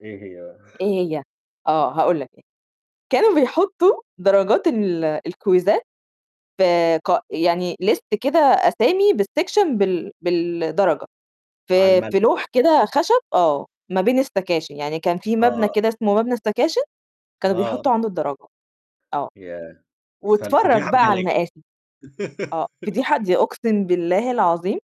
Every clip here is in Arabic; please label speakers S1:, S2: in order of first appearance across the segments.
S1: إيه هي بقى؟
S2: إيه هي؟ آه، هاقول لك، كانوا بيحطوا درجات ال آآ، الكويزات آآ، قا يعني ليست كده أسامي بالسكشن بال بالدرجة،
S1: على
S2: في
S1: الملأ.
S2: في لوح كده خشب آه، ما بين السكاشن يعني كان في مبنى
S1: آه.
S2: كده اسمه مبنى السكاشن كانوا
S1: آه.
S2: بيحطوا عنده الدرجة، آه.
S1: ياه!
S2: واتفرَّج
S1: فالفضيحة
S2: بقى
S1: بجلاجل.
S2: عالمآسي. آه، فضيحة؟! دي أقسم بالله العظيم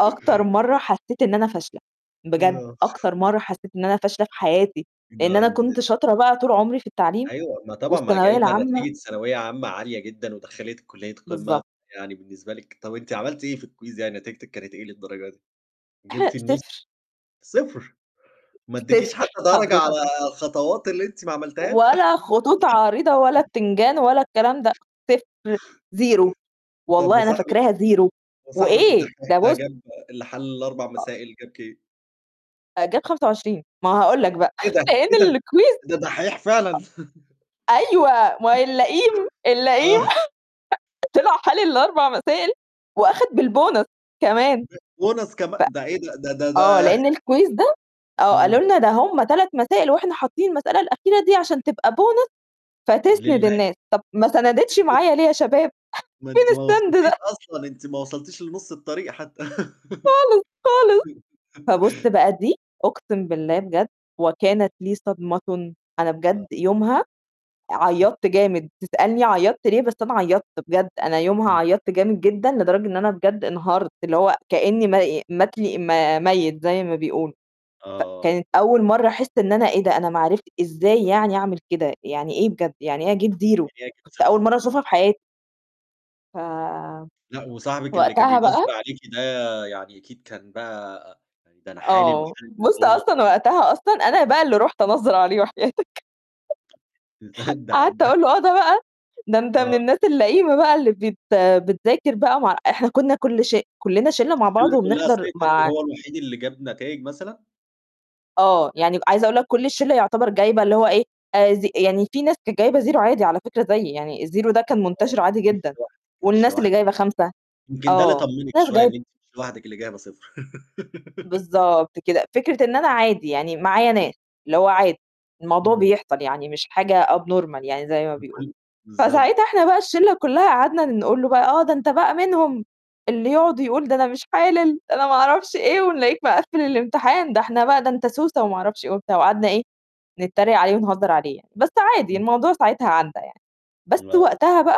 S2: أكتر مرّه حسيت إن أنا فاشلة، بجد
S1: آه.
S2: أكتر مرّه حسيت إن أنا فاشلة في حياتي، لإن أنا
S1: [unintelligible]
S2: كنت شاطرة بقى طول عمري في التعليم
S1: أيوه، ما طبعًا ما
S2: والثانوية
S1: جايبة
S2: العامة.
S1: نتيجة ثانوية عامة عالية جدًا، ودخّلتك كُلية قمة،
S2: بالضبط.
S1: يعني بالنسبة لِك طَب أنتِ عملتِ إيه في الquiz يعني نتيجتِك كانت إيه للدرجة دي؟ جبتِ النُصّ؟
S2: 0.
S1: 0! ما اديكيش
S2: 0
S1: حتى درجة على
S2: حضرتك.
S1: الخطوات اللي أنتِ ما عملتيهاش؟
S2: ولا خطوط عريضة ولا بتنجان ولا الكلام ده، 0 0
S1: طَب
S2: والله أنا
S1: وصاحبِك
S2: فاكراها 0
S1: وصاحبِك
S2: وإيه؟
S1: الدحّيح
S2: ده
S1: ده
S2: بُصّ
S1: جاب اللي حل ال4
S2: آه
S1: مسائل، جاب كام؟
S2: جاب 25 ما هاقول لك بقى،
S1: إيه ده!
S2: لأن
S1: إيه ده!
S2: الكويز
S1: ده دحّيح فعلًا!
S2: أيوه، ما هو اللئيم، اللئيم
S1: آه
S2: طلع حالل ال4 مسائل وأخَد بالبونص كمان.
S1: [unintelligible] bonus كمان!
S2: ف
S1: ده إيه ده ده ده ده
S2: آه لأن الكويز ده، آه قالوا
S1: إمم.
S2: لنا ده هم 3 مسائل واحنا حاطين المسألة الأخيرة دي عشان تبقى bonus فتسند
S1: لله.
S2: الناس، طَب ما سَنَدِتش معايا ليه يا شباب،
S1: ما
S2: فين
S1: أنتِ ما
S2: السند
S1: وصلتيش
S2: ده؟
S1: أصلًا، أنت ما وصلتيش لنُصّ الطريق حتى.
S2: خالص، خالص فبُصّ بقى دي أقسم بالله بجد وكانت لي صدمةٌ، أنا
S1: آه.
S2: بجد يومها عيّطت جامد، تسألني عيّطت ليه، بس أنا عيّطت بجد، أنا يومها
S1: إمم.
S2: عيّطت جامد جدًا، لدرجة إن أنا بجد انهارت، اللي هو كأني م مات لي م ميت زي ما بيقولوا،
S1: آه.
S2: فكانت أول مرّه أحس إن أنا إيه ده أنا ما عرفت إزاي يعني أعمل كده، يعني إيه بجد، يعني إيه أجيب 0؟
S1: [unintelligible]
S2: كانت
S1: صفر.
S2: أول مرّه
S1: امم.
S2: أشوفها في حياتي. ف
S1: لأ، وصاحبِك اللي كان
S2: وقتها
S1: بينظّر
S2: بقى
S1: عليكِ ده يعني أكيد كان بقى ده أنا حالِل
S2: آه،
S1: وحالِل
S2: بُصّ
S1: بالبونص
S2: أصلًا
S1: [unintelligible]
S2: وقتها أصلًا أنا بقى اللي رُحت أنظَّر عليه وحياتك قعدت
S1: [unintelligible]
S2: أقول له: "آه ده بقى ده، ده أنت من
S1: آه.
S2: الناس اللئيمة بقى اللي بت آآ، بتذاكر بقى مع" إحنا كنا كُلّ ش كلّنا شلّة مع بعض
S1: الشِلّة كُلّها
S2: وبنحضر
S1: سِقطِت
S2: مع
S1: وهو الوحيد اللي جاب نتايج مثلًا؟
S2: آه، يعني عايزة أقول لك كُلّ الشلّة يعتبر جايبة اللي هو إيه زي يعني في ناس جايبة 0 عادي على فكرة زيي، يعني ال0 ده كان
S1: آه،
S2: منتشِرّ عادي
S1: أنتِ
S2: جدًا،
S1: مش لوحدِك، مش
S2: والناس اللي
S1: لوحدِك،
S2: جايبة 5
S1: يمكن ده اللي
S2: آه،
S1: طمِّنِك
S2: ناس
S1: شوية
S2: جايب
S1: إن أنتِ مش لوحدِك اللي جايبة صفر.
S2: بالضبط كده، فكرة إن أنا عادي يعني معايا ناس، اللي هو عادي، الموضوع
S1: إمم.
S2: بيحصل يعني، مش حاجة abnormal يعني زي ما بيقولوا،
S1: [unintelligible] بالضبط.
S2: فساعتها إحنا بقى الشلّة كلها قعدنا نقول له بقى: "آه، ده أنت بقى منهم اللي يقعد ويقول ده أنا مش حالل ده أنا ما أعرفش إيه ونلاقيك مقفِّل الامتحان ده إحنا بقى ده أنت سوسة وما أعرفش إيه" وبتاع، وقعدنا إيه نتريق عليه ونهزّر عليه يعني، بس عادي
S1: إمم.
S2: الموضوع ساعتها عدّى يعني، بس
S1: آه.
S2: وقتها بقى